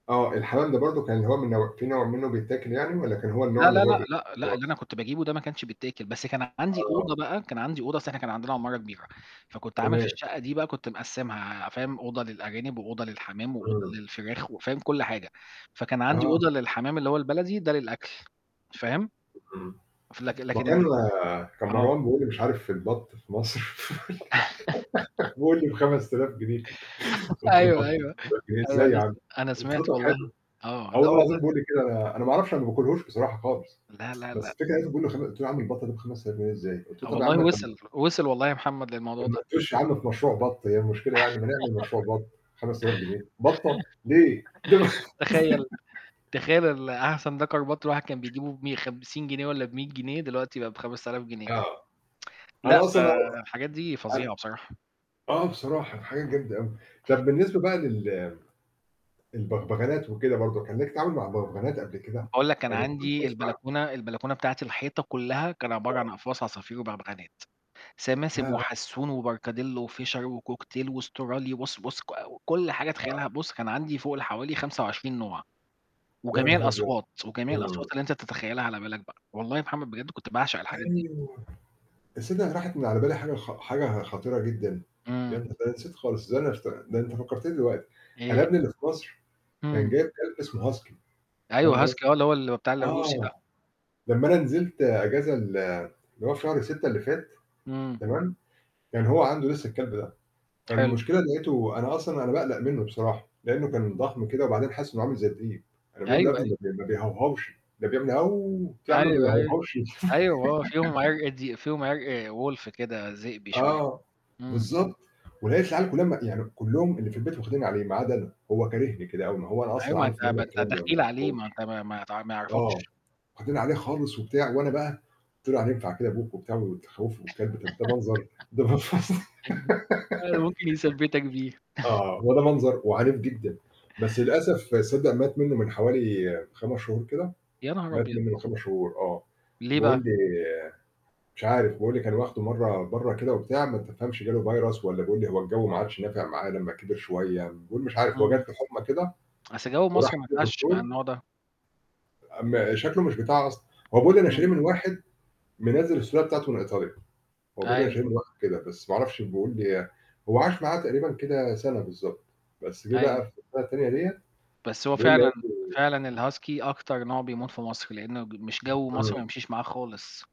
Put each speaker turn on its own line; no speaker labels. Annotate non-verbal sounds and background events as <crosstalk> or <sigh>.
آه، الحَمَام ده برضو كان اللي هو من نوع في نوع مِنُه بيتاكل يعني؟ والّا كان هو النوع
لا،
اللي
لا،
هو
لأ، لأ،
<unintelligible>
لأ، اللي أنا
خلاص.
كنت باجيبُه ده ما كانش بيتاكل، بس كان عَندي
آه.
أوضة بقى كان عَندي أوضة، اصل إحنا كان عَندنا عمارة كبيرة، فكنت عامل في
تمام.
الشقة دي بقى كنت مقسمها، فاهم، أوضة للأرانب، وأوضة للحَمَام، وأوضة
إمم.
للفراخ، وفاهم، كُلّ حاجة. فكان عندي
آه.
أوضة للحَمَام اللي هو البلدي، ده للأكل، فاهم؟
اهم.
ف لك
ما
لكن
كان
ال
كان
آه.
مروان بيقول لي، مش عارف،: "البط في مصر."
<chuckles>
<laughs> بيقول لي: "ب5000 جنيه."
<chuckles>
قُلت له
أيوه،
بط!
أيوه،
5000 جنيه،
أيوه،
إزاي يا
أنا س
عم؟!
أنا
قُلت له
سِمعت
طَب
والله.
حلو.
آه،
آه
لا
والله العظيم
والله
بيقول لي كده، أنا، أنا ما اعرفش أنا ما باكلهوش بصراحة خالص.
لا،
<tsk>
لا،
بس
لأ.
الفكرة لقيتُه بيقول لي: "خم" قُلت له يا عم البط ده ب5000 جنيه إزاي؟ قُلت له طَب يا عم
والله
ما تق
وصِل، وصِل والله يا محمد للموضوع ده.
<unintelligible> يا عَم في مشروع بط، هي المشكلة يعني ما نعمل مشروع
<chuckles>
بط، 5000 جنيه! بطة! ليه؟! ده أن
<chuckles> تخيّل!
<laughs>
تخيّل ال أحسن دكر بط الواحد كان بيجييبه بمِيَّ 50 جنيه ولا ب100 جنيه، دلوقتي بقى ب5000 جنيه.
آه.
<tsk> لأ،
أنا
ف
أصلًا أ هو
الحاجات دي
أن
فظيعة بصراحة.
آه بصراحة الحاجات جامدة أوي. طَب بالنسبة بقى لل البغبغانات وكده برضو، كان ليك تعامل مع بغبغانات قبل كده؟
باقول لك أنا
يعني في
عَندي
<unintelligible>
البلكونة البلكونة بتاعتي الحيطة كلها كان عبارة عن
آه.
أقفاص عصافير وبغبغانات: سماسم،
ياه!
وحسون، وبركاديلو، وFischer، وCockatiel، واسترالي. بُص، بُص ك كُلّ حاجة
آه.
تخيّلها، بُص كان عندي فوق ال حوالي 25 نوع.
يا
وجميع
نهار أبيض!
الأصوات، وجميع
إمم.
الأصوات اللي أنت تتخيّلها على بالك بقى. والله يا محمد بجد كنت باعشق الحاجات دي.
أيوه. تصّدَق راحت من على بالي حاجة خ حاجة خطيرة جدًا. يا
إمم.
ن ده أنا نسيت خالص. ده أنا افت ده أنت فكّرتني دلوقتي. أنا
إيه؟
ابني اللي في مصر كان
إمم.
جايب كلب اسمه Husky، فاهم
أيوة
قصدي؟
Husky آه، اللي هو ال بتاع الروسي
آه.
ده.
لمّا أنا نزلت أجازة ال اللي هو في شهر 6 اللي فات،
إمم.
تمام؟ كان هو عَنده لسه الكلب ده.
حلو.
فالمشكلة إن لقيته أنا أصلًا أنا باقلق مِنُه بصراحة، لأنه كان ضخم كده وبعدين حاسس إنه عامل زي الديب. أنا
أيوه،
باقوله يا ابني
أيوه.
ما بي ما بيهوهوش، ده بيعمل، قُلت له يا عَم ما
أيوه، أيوه.
بيهوهوش.
أيوه، آه فيهم
<laughs>
عِرق دي فيهم عِرق Wolf كده، ذئبي شوية.
آه،
إمم.
بالضبط. ولقيت العيال كُلّها، يعني كُلُّهم اللي في البيت واخدين عليه ما عدا أنا. هو كارهني كده أوي. ما هو أنا
أيوه،
أصلًا
ما
عارف
أنت
إن أنا
ما
الكلاب
أنت
ما ما
دخيل عليه،
باحبهمش.
ما أنت ما ما ت ما
آه،
يعرَفَكش.
واخدين عليه خالص وبتاع، وأنا بقى قُلت له يعني ينفع كده أبوك وبتاع وبتخوِّفه والكلب، طَب ده منظر،
<chuckles>
ده منظ
أيوه، ممكن يثبِّتك بيها.
<laughs>
<chuckles>
آه، هو ده منظر وعنيف جدًا. بس للأسف صدَّق مات مِنُه من حوالي 5 شهور كده.
يا نهار
مات
أبيض!
مِنُه من 5 شهور، آه.
ليه بقى؟
بيقول لي مش عارف، بيقول لي كان واخده مرّة بَرّة كده وبتاع، ما تفهمش جاله virus والّا بيقول لي هو الجَوّ ما عادش نافع معاه لمّا كبر شوية. بيقول مش عارف، هو
إمم.
جاتله حُمّى كده،
<tsk> أصل جَوّ مصر
وراح
ما ينفعش مع
لدكتور
النوع ده.
أ ما شكله مش بتاع أصل هو بيقول أنا شاريه
إمم.
من واحد منزِّل السلالة بتاعته من إيطاليا. هو بيقول أنا
أيوه.
شاريه من واحد كده، بس ما اعرفش بيقول لي هو عاش معاه تقريبًا كده سَنة بالضبط. بس جه
أيوه.
بقى في <unintelligible> التانية ديّة
بس هو
بيقول لي
فعلًا
هات له
فعلًا الHusky أكتر نوع بيموت في مصر، لأنه ج مش جَوّ مصر
إمم.
ما يمشيش معاه خالص.